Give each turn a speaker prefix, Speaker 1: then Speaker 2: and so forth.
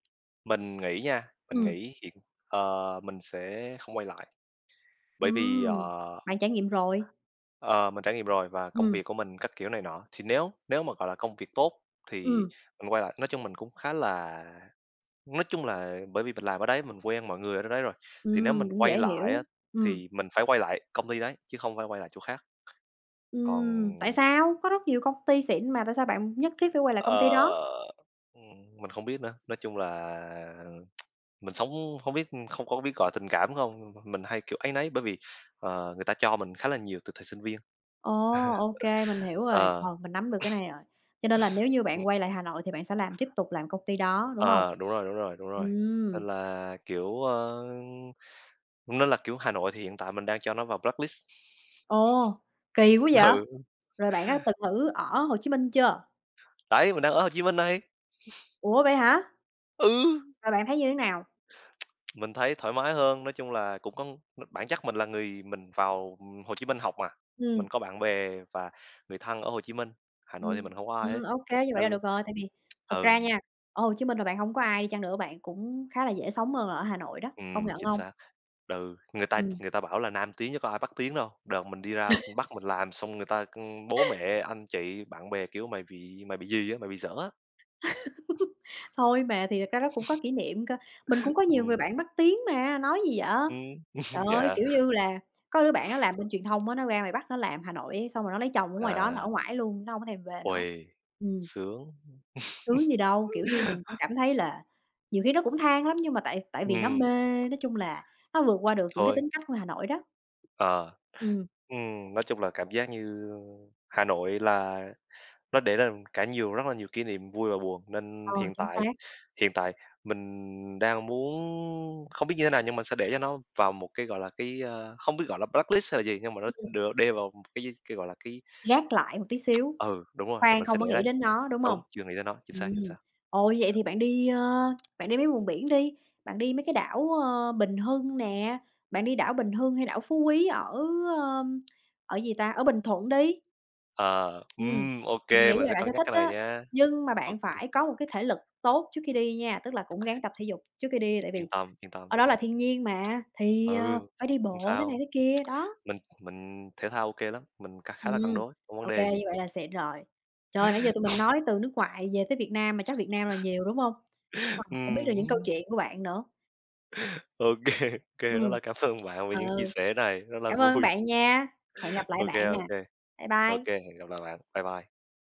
Speaker 1: Mình nghĩ nha, mình
Speaker 2: Ừm.
Speaker 1: nghĩ chuyện ờ, mình sẽ không quay lại. Bởi vì,
Speaker 2: Ừm,
Speaker 1: ờ
Speaker 2: bạn trải nghiệm rồi?
Speaker 1: ờ, mình trải nghiệm rồi và công
Speaker 2: Ừm.
Speaker 1: việc của mình các kiểu này nọ, thì nếu nếu mà, gọi là, công việc tốt, thì
Speaker 2: Ừm.
Speaker 1: mình quay lại, nói chung mình cũng khá là nói chung là bởi vì mình làm ở đấy mình quen mọi người ở chỗ đấy rồi. Thì nếu
Speaker 2: Ừm,
Speaker 1: mình
Speaker 2: cũng
Speaker 1: quay
Speaker 2: dễ
Speaker 1: lại
Speaker 2: hiểu.
Speaker 1: á,
Speaker 2: Ừm.
Speaker 1: thì mình phải quay lại công ty đấy, chứ không phải quay lại chỗ khác. Còn
Speaker 2: Ừm, tại sao? Có rất nhiều công ty xịn mà tại sao bạn nhất thiết phải quay lại công ty
Speaker 1: Ờ,
Speaker 2: đó?
Speaker 1: ừm, mình không biết nữa, nói chung là mình sống không biết, ưm, không có biết gọi tình cảm không, nhưng mà m mình hay, kiểu, áy náy. Bởi vì, ờ, người ta cho mình khá là nhiều từ thời sinh viên.
Speaker 2: Ồ, OK, mình hiểu rồi.
Speaker 1: Ờ.
Speaker 2: Ờ, mình nắm được cái này rồi, cho nên là nếu như bạn
Speaker 1: Ừm.
Speaker 2: quay lại Hà Nội thì bạn sẽ làm tiếp tục làm công ty đó, đúng hông?
Speaker 1: Ờ, đúng rồi, đúng rồi, đúng rồi. Nên
Speaker 2: Ừm.
Speaker 1: là, kiểu, a, cũng nên là, kiểu, Hà Nội thì hiện tại mình đang cho nó vào blacklist.
Speaker 2: Ồ, kì quá vậy!
Speaker 1: Ừ.
Speaker 2: Rồi bạn có từng thử ở Hồ Chí Minh chưa?
Speaker 1: Đấy, mình đang ở Hồ Chí Minh đây.
Speaker 2: Ủa, vậy hả?
Speaker 1: Ừ!
Speaker 2: Rồi bạn thấy như thế nào?
Speaker 1: Mình thấy thoải mái hơn, nói chung là cũng có n bản chất mình là người mình vào, ừm, Hồ Chí Minh học mà.
Speaker 2: Ừm.
Speaker 1: Mình có bạn bè và người thân ở Hồ Chí Minh, Hà Nội thì mình
Speaker 2: Ừm,
Speaker 1: hông có ai
Speaker 2: ừm,
Speaker 1: hết,
Speaker 2: OK, như vậy
Speaker 1: nên
Speaker 2: là
Speaker 1: l
Speaker 2: được rồi. Tại
Speaker 1: ừm,
Speaker 2: vì thật ra
Speaker 1: ừ.
Speaker 2: nha, ở Hồ Chí Minh mà bạn hông có ai đi chăng nữa, bạn cũng khá là dễ sống hơn là ở Hà Nội đó, công
Speaker 1: Ừm,
Speaker 2: nhận
Speaker 1: chính
Speaker 2: hông?
Speaker 1: xác, ừ, người ta
Speaker 2: Ừm.
Speaker 1: người ta bảo là Nam tiến chớ có ai Bắc tiến đâu. Đợt mình đi ra Bắc mình làm xong người ta, ưm, bố, mẹ, anh, chị, bạn bè, kiểu "Mày bị mày bị gì á, mày bị dở á."
Speaker 2: Thôi mà, thì thật ra nó cũng có kỷ niệm cơ. Mình cũng có nhiều người
Speaker 1: Ừm.
Speaker 2: bạn Bắc tiến mà, nói gì vậy?
Speaker 1: Ừm,
Speaker 2: Trời ơi, kiểu
Speaker 1: dạ.
Speaker 2: như là, có đứa bạn nó làm bên truyền thông á, nó ra ngoài Bắc nó làm, Hà Nội ấy, xong rồi nó lấy chồng ở ngoài đó nó ở
Speaker 1: À.
Speaker 2: ngoải luôn, nó hông có thèm về nữa.
Speaker 1: Uầy,
Speaker 2: Ừm.
Speaker 1: sướng.
Speaker 2: Sướng gì đâu, kiểu như mình cũng cảm thấy là nhiều khi nó cũng than lắm, nhưng mà tại tại vì nó
Speaker 1: Ừm.
Speaker 2: mê nói chung là nó vượt qua được những cái
Speaker 1: Thôi.
Speaker 2: tính cách của Hà Nội đó.
Speaker 1: Ờ.
Speaker 2: Ừm.
Speaker 1: Ừm, nói chung là cảm giác như, a, Hà Nội là nó để ra cả nhiều rất là nhiều kỷ niệm vui và buồn. Nên
Speaker 2: Ờ,
Speaker 1: hiện
Speaker 2: chính xác.
Speaker 1: tại hiện tại, mình đang muốn, không biết như thế nào nhưng mình sẽ để cho nó vào một cái, gọi là, cái, a, không biết gọi là blacklist hay là gì. Nhưng mà nó,
Speaker 2: Ưm,
Speaker 1: ừm,
Speaker 2: ừm.
Speaker 1: được đê vào một cái gì, cái, gọi là, cái
Speaker 2: Gác lại một tí xíu.
Speaker 1: Ừ, đúng rồi,
Speaker 2: Khoan
Speaker 1: mình sẽ
Speaker 2: không
Speaker 1: để
Speaker 2: có nghĩ
Speaker 1: đấy.
Speaker 2: đến nó, đúng hông?
Speaker 1: Đúng, chưa nghĩ tới nó, chính xác, chính
Speaker 2: Ừm,
Speaker 1: xác.
Speaker 2: ồ, vậy thì bạn đi, ơ, bạn đi mấy vùng biển đi, bạn đi mấy cái đảo, a, Bình Hưng nè, bạn đi đảo Bình Hưng hay đảo Phú Quý ở, ưm, ở, gì ta, ở Bình Thuận đi.
Speaker 1: Ờ,
Speaker 2: Ừm,
Speaker 1: ừm, OK,
Speaker 2: mình nghĩ
Speaker 1: mình
Speaker 2: là
Speaker 1: sẽ
Speaker 2: bạn
Speaker 1: cân
Speaker 2: sẽ
Speaker 1: nhắc
Speaker 2: thích
Speaker 1: cái này
Speaker 2: đó,
Speaker 1: nha.
Speaker 2: nhưng mà
Speaker 1: OK.
Speaker 2: bạn phải có một cái thể lực tốt trước khi đi nha. Tức là cũng ráng tập thể dục trước khi đi đi, tại
Speaker 1: Yên
Speaker 2: vì
Speaker 1: tâm, yên tâm.
Speaker 2: ở đó là thiên nhiên mà, thì, ờ,
Speaker 1: Ừ,
Speaker 2: phải đi
Speaker 1: không
Speaker 2: bộ thế này
Speaker 1: sao.
Speaker 2: thế kia, đó.
Speaker 1: Mình mình thể thao OK lắm, mình cá khá là cân
Speaker 2: Ừm,
Speaker 1: đối, không vấn
Speaker 2: OK,
Speaker 1: đề gì.
Speaker 2: như vậy là xịn rồi. Trời ơi, nãy giờ tụi mình nói từ nước ngoài về tới Việt Nam mà chắc Việt Nam là nhiều, đúng hông? Wow! Cũng biết được
Speaker 1: Ừm.
Speaker 2: những câu chuyện của bạn nữa.
Speaker 1: OK, OK, rất
Speaker 2: Ừm.
Speaker 1: là cảm ơn bạn vì
Speaker 2: Ờ.
Speaker 1: những chia sẻ này, rất là
Speaker 2: Cảm ơn
Speaker 1: vui.
Speaker 2: bạn nha, hẹn gặp lại
Speaker 1: OK,
Speaker 2: bạn nè.
Speaker 1: OK.
Speaker 2: Bye
Speaker 1: OK,
Speaker 2: bye!
Speaker 1: hẹn gặp lại bạn, bye bye.